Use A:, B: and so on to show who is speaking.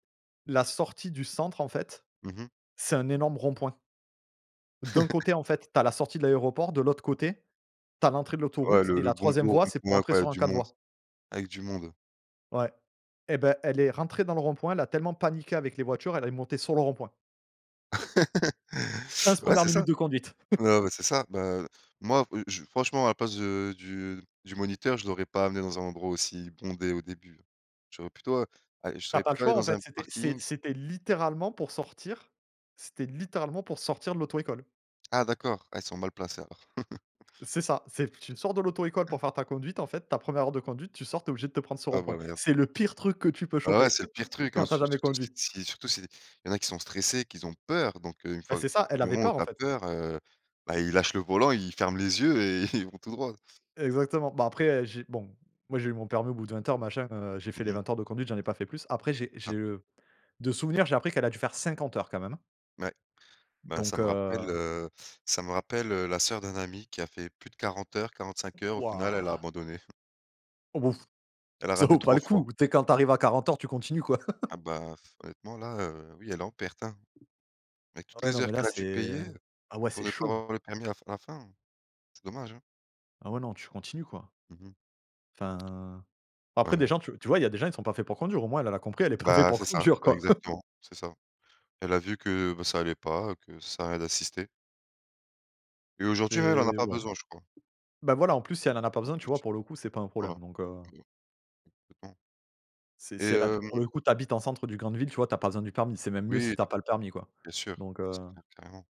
A: La sortie du centre en fait,
B: Mmh mh.
A: c'est un énorme rond point. D'un côté en fait, tu as la sortie de l'aéroport, de l'autre côté, tu as l'entrée de
B: Ouais,
A: l'autoroute,
B: le
A: et
B: le
A: la
B: bon
A: 3e
B: gros,
A: voie c'est pour
B: rond-point
A: rentrer
B: quand il y a
A: sur un
B: du
A: 4
B: monde.
A: voies.
B: Avec du monde.
A: Ouais, et bah, elle est rentrée dans le rond-point, elle a tellement paniqué avec les voitures, elle est montée sur le rond-point. Pince
B: Ouais
A: 1re
B: c'est
A: minute
B: ça,
A: de conduite.
B: ouais, ouais c'est ça. Non mais c'est ça bah, heu, moi j je franchement à la place de du du moniteur, je l'aurais pas amené dans un endroit aussi bondé au début. J'aurais plutôt, heu, a je
A: Tu as
B: serais
A: pas le
B: plutôt aller
A: choix en
B: dans un
A: fait, c'était c'est
B: parking.
A: c'était littéralement pour sortir c'était littéralement pour sortir de l'auto-école.
B: Ah d'accord, ah, ils sont mal placés alors.
A: C'est ça, c'est tu sors de l'auto-école pour faire ta conduite en fait, ta 1re heure de conduite, tu sors, tu es obligé de te prendre ce
B: Ah
A: rond-point.
B: bah merde.
A: C'est le pire truc que tu peux
B: Ah ouais,
A: choper
B: c'est le pire truc, hein,
A: quand tu as
B: sur
A: jamais
B: surtout si
A: conduit.
B: si surtout s'il y en a qui sont stressés, qu'ils ont peur donc 1
A: Bah,
B: fois
A: c'est ça, elle
B: du
A: avait
B: moment où
A: peur en
B: tu as
A: fait.
B: peur, heu, bah, ils lâchent le volant, ils ferment les yeux et ils vont tout droit.
A: Exactement. Bah, après, heu, j'ai bon moi j'ai eu mon permis au bout de 20 heures machin, heu, j'ai fait les
B: Mmh mh.
A: 20 heures de conduite, j'en ai pas fait plus. Après j'ai
B: Ah.
A: j'ai heu, de souvenir j'ai appris qu'elle a dû faire 50 heures quand même, hein.
B: Ouais, bah, ça
A: Donc
B: me rappelle,
A: heu
B: heu, ça me rappelle, heu, la soeur d'un ami qui a fait plus de 40 heures, 45 heures, au final elle
A: Waouh!
B: a abandonné.
A: Oh bof
B: Elle a
A: ça
B: raté
A: vaut pas
B: 3
A: le
B: fois.
A: coup. Tu sais quand tu arrives à 40 heures, tu continues quoi.
B: Ah bah, pfff, honnêtement là, heu, oui elle est en perte, hein, avec toutes
A: Ouais,
B: les
A: non
B: heures
A: mais là
B: qu'elle a dû
A: c'est
B: payer
A: ah ouais, c'est
B: pour ne pas
A: chaud!
B: avoir le permis à la à la fin, c'est dommage, hein.
A: Ah ouais. Non tu continues quoi.
B: Mmh mh.
A: Enfin. Après
B: Ouais,
A: des
B: ouais.
A: gens tu tu vois il y a des gens ils sont pas faits pour conduire au moins elle elle a compris elle est pas fait
B: Bah,
A: pour
B: c'est ça,
A: conduire
B: bah
A: quoi.
B: exactement, c'est ça. Elle a vu que, bah, ça allait pas, et que ça sert a rien d'insister. Et aujourd'hui, elle en a
A: C'est
B: pas
A: ouais.
B: besoin, je crois
A: Bah, voilà en plus si elle en a pas
B: en
A: besoin, tu vois?
B: plus.
A: Pour le coup c'est pas un
B: Voilà.
A: problème, donc heu
B: Complètement.
A: C'est
B: Et,
A: si elle a
B: hem
A: pour le coup tu habites en centre du grande ville, tu vois? Tu as besoin du permis, c'est même mieux si
B: Oui,
A: tu as
B: ta
A: pas le permis quoi,
B: bien sûr,
A: donc
B: c'est
A: heu
B: clair, carrément.